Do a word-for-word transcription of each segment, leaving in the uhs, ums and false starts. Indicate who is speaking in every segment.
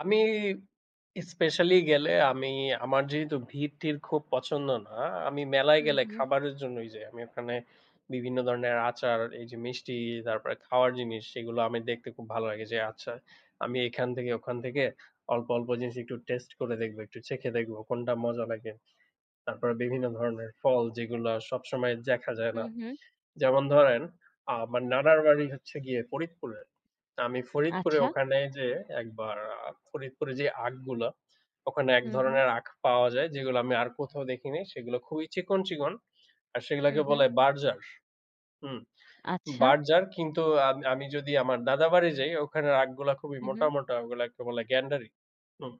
Speaker 1: আমি স্পেশালি গেলে আমি, আমার যেহেতু ভিড়-টির খুব পছন্দ না, আমি মেলায়
Speaker 2: হুম,
Speaker 1: গেলে
Speaker 2: হুম।
Speaker 1: খাবারের জন্যই যাই। আমি ওখানে বিভিন্ন ধরনের আচার, এই যে মিষ্টি, তারপরে খাওয়ার জিনিস সেগুলা আমি দেখতে খুব ভালো লাগে যে আচ্ছা, আমি এখান থেকে ওখান থেকে অল্প, অল্প জিনিস একটু টেস্ট করে দেখবো, একটু চেখে দেখবো, কোনটা মজা লাগে। তারপরে বিভিন্ন ধরনের ফল, যেগুলা সবসময় জেখা যায় না।
Speaker 2: হুম, হুম।
Speaker 1: যেমন ধরেন আমার নানার বাড়ি হচ্ছে গিয়ে ফরিদপুরে। তো আমি ফরিদপুরে
Speaker 2: আচ্ছা।
Speaker 1: ওখানে যে একবার আ ফরিদপুরে যে আখগুলা, ওখানে এক
Speaker 2: হুম, হুম।
Speaker 1: ধরনের আখ পাওয়া যায় যেগুলা আমি আর কোথাও দেখি নাই, সেগুলা খুবই চিকন, চিকন, আর সেগুলাকে
Speaker 2: হুম, হুম।
Speaker 1: বলে বার্জার। হুম,
Speaker 2: আচ্ছা।
Speaker 1: বার্জার কিন্তু আমি আমি যদি আমার দাদার বাড়ি যাই ওখানের আখগুলা খুবই
Speaker 2: হুম,
Speaker 1: মোটা,
Speaker 2: হু।
Speaker 1: মোটা, ওগুলাকে বলে গ্যান্ডারি। হুম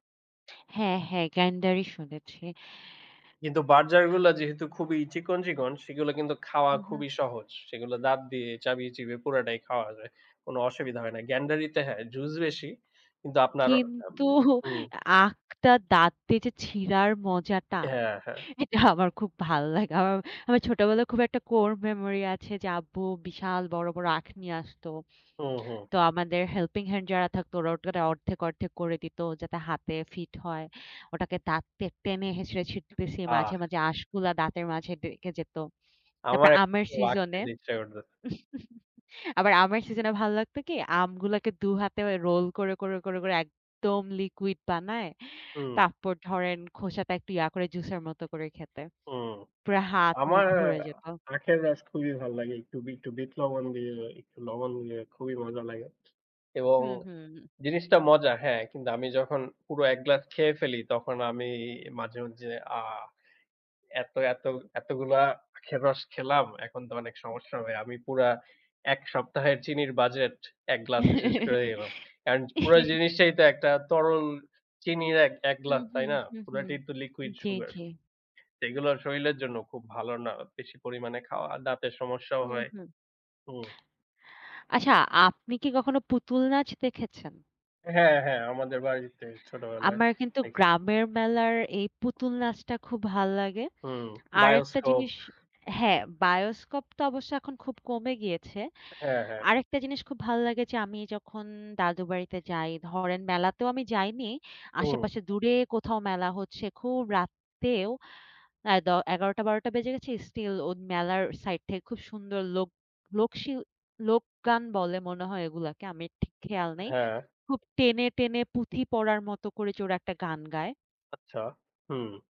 Speaker 2: হ্যাঁ, হ্যাঁ। গ্যান্ডারি শুনেছি।
Speaker 1: কিন্তু বার্জারগুলা যেহেতু খুবই চিকন, চিকন সেগুলা কিন্তু খাওয়া
Speaker 2: হুম, হুম।
Speaker 1: খুবই সহজ। সেগুলা দাঁত দিয়ে চাবিয়ে-চিবিয়ে পুরাটাই খাওয়া যায়, কোনো অসুবিধা হয় না। গ্যান্ডারিতে, হ্যাঁ জুস বেশি, কিন্তু আপনার
Speaker 2: কিন্তু
Speaker 1: [unintelligible] হুম।
Speaker 2: আখটা দাঁত দিয়ে যে ছিঁড়ার মজাটা,
Speaker 1: হ্যাঁ, হ্যাঁ।
Speaker 2: এটা আমার খুব ভাল্লাগে আমার, আমার ছোটবেলায় খুব একটা কোর মেমোরি আছে, যে আব্বু বিশাল বড়, বড়, আখ নিয়ে আসতো।
Speaker 1: হুম, হুম।
Speaker 2: তো আমাদের হেল্পিং হ্যান্ড যারা থাকতো ওরা ওটা অর্ধেক, অর্ধেক করে দিতো যাতে হাতে ফিট হয়। ওটাকে দাঁত দিয়ে টেনে হেঁচড়ে ছিড়তেছি, মাঝে,
Speaker 1: আহ!
Speaker 2: মাঝে আঁশগুলা দাঁতের মাঝে ঢুইকে যেত। তারপর
Speaker 1: আমার
Speaker 2: আমের
Speaker 1: একটু আখ
Speaker 2: সিজনে,
Speaker 1: খেতে ইচ্ছা করতেছে।
Speaker 2: আবার আমার সিজনে ভালো লাগতো কি? আমগুলাকে দু হাতে রোল করে, করে, করে, করে একদম লিকুইড বানায়,
Speaker 1: হুম।
Speaker 2: তারপর ধরেন খোসাটা একটু ইয়া করে জুসের মত করে খেতে।
Speaker 1: হুম।
Speaker 2: পুরা হাত মুখ
Speaker 1: আমার
Speaker 2: ভরে যেত।
Speaker 1: আখের রস খুবই ভাল লাগে। একটু বি একটু বিট লবণ দিয়ে, একটু লবণ দিয়ে খুবই মজা লাগে এবং
Speaker 2: হুম, হুম, হুম।
Speaker 1: জিনিসটা মজা। হ্যাঁ কিন্তু আমি যখন পুরো এক গ্লাস খেয়ে ফেলি তখন আমি মাঝে, মাঝে আ এতো এতো এতোগুলা আখের রস খেলাম, এখন তো অনেক সমস্যা হবে। আমি পুরা এক সপ্তাহের চিনির বাজেট এক গ্লাসে শেষ করে দিলাম। কারণ পুরা জিনিসটাই তো একটা তরল চিনির এক এক
Speaker 2: হুম,
Speaker 1: গ্লাস তাই
Speaker 2: হুম,
Speaker 1: না?
Speaker 2: হুম, হুম।
Speaker 1: পুরাটাই তো লিকুইড
Speaker 2: জি,
Speaker 1: সুগার।
Speaker 2: জি।
Speaker 1: এগুলা শরীরের জন্য খুব ভালো না বেশি পরিমাণে খাওয়া, দাঁতের সমস্যাও
Speaker 2: হুম,
Speaker 1: হয়।
Speaker 2: হুম।
Speaker 1: হুম।
Speaker 2: আচ্ছা আপনি কি কখনো পুতুল নাচ দেখেছেন?
Speaker 1: হ্যাঁ, হ্যাঁ, আমাদের বাড়িতে ছোটবেলায়
Speaker 2: আমার কিন্তু
Speaker 1: দেখি। [unintelligible]
Speaker 2: গ্রামের মেলার এই পুতুল নাচটা খুব ভাল্লাগে।
Speaker 1: হুম,
Speaker 2: আরেকটা
Speaker 1: বায়োস্কোপ।
Speaker 2: জিনিস, হ্যাঁ, বায়োস্কোপ তো অবশ্য এখন খুব কমে গিয়েছে।
Speaker 1: হ্যাঁ, হ্যাঁ।
Speaker 2: আরেকটা জিনিস খুব ভালো লাগে যে, আমি যখন দাদুর বাড়িতে যাই ধরেন মেলাতেও আমি যাইনি।
Speaker 1: হুম।
Speaker 2: আশেপাশে দূরে কোথাও মেলা হচ্ছে খুব রাতেও এ দ এগারোটা, বারোটা বেজে গেছে, স্টিল ও মেলার সাইড থেকে খুব সুন্দর লোক, লোক শিল লোকগান বলে মনে হয় ওগুলাকে আমার ঠিক খেয়াল নেই।
Speaker 1: হ্যাঁ।
Speaker 2: খুব টেনে, টেনে পুঁথি পড়ার মতো করে যে ওরা একটা গান গায়।
Speaker 1: আচ্ছা, হুম।